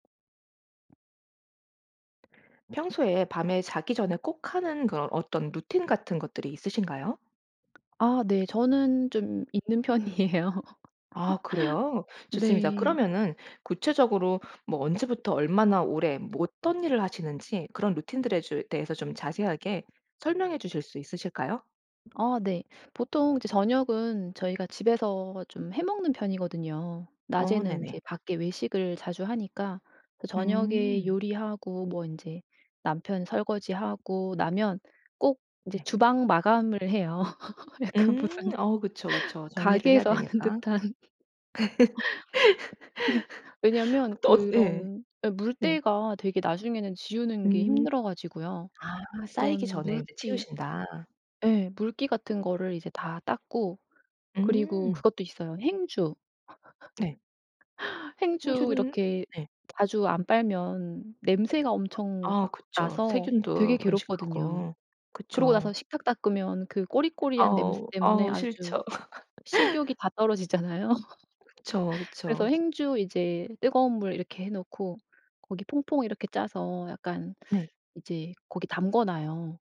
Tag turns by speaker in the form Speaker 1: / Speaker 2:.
Speaker 1: 평소에 밤에 자기 전에 꼭 하는 그런 어떤 루틴 같은 것들이 있으신가요?
Speaker 2: 아 네. 저는 좀 있는 편이에요.
Speaker 1: 아 그래요? 좋습니다.
Speaker 2: 네.
Speaker 1: 그러면은 구체적으로 뭐 언제부터 얼마나 오래 뭐 어떤 일을 하시는지 그런 루틴들에 제 대해서 좀 자세하게 설명해 주실 수 있으실까요?
Speaker 2: 아 네. 보통 이제 저녁은 저희가 집에서 좀 해 먹는 편이거든요.
Speaker 1: 어
Speaker 2: 낮에는
Speaker 1: 네네.
Speaker 2: 이제 밖에 외식을 자주 하니까 저녁에
Speaker 1: 음.
Speaker 2: 요리하고 뭐 인제 남편 설거지하고 나면 꼭 이제
Speaker 1: 네.
Speaker 2: 주방 마감을 해요 약간
Speaker 1: 음.
Speaker 2: 무슨
Speaker 1: 어 그쵸 그쵸 정리를 해야
Speaker 2: 가게에서 하는
Speaker 1: 되니까.
Speaker 2: 듯한. 왜냐면
Speaker 1: 엇 예.
Speaker 2: 그런 예
Speaker 1: 네.
Speaker 2: 물때가 되게 나중에는 지우는 게
Speaker 1: 음.
Speaker 2: 힘들어가지고요
Speaker 1: 아 쌓이기
Speaker 2: 그런
Speaker 1: 전에 인제
Speaker 2: 물기
Speaker 1: 치우신다.
Speaker 2: 예. 물기 같은 거를 이제 다 닦고 그리고
Speaker 1: 음.
Speaker 2: 그것도 있어요. 행주.
Speaker 1: 네.
Speaker 2: 행주
Speaker 1: 행주는
Speaker 2: 이렇게
Speaker 1: 네.
Speaker 2: 자주 안 빨면 냄새가 엄청
Speaker 1: 아
Speaker 2: 막
Speaker 1: 그쵸.
Speaker 2: 나서
Speaker 1: 세균도
Speaker 2: 되게 괴롭거든요.
Speaker 1: 번식하고.
Speaker 2: 그러고
Speaker 1: 그쵸.
Speaker 2: 나서 식탁 닦으면 그 꼬리꼬리한 냄새
Speaker 1: 어우,
Speaker 2: 때문에
Speaker 1: 어우
Speaker 2: 아주
Speaker 1: 싫죠.
Speaker 2: 식욕이 다 떨어지잖아요.
Speaker 1: 그쵸,
Speaker 2: 그래서
Speaker 1: 그쵸.
Speaker 2: 행주 이제 뜨거운 물 이렇게 해 놓고 거기 퐁퐁 이렇게 짜서 약간
Speaker 1: 네.
Speaker 2: 이제 거기 담가 놔요.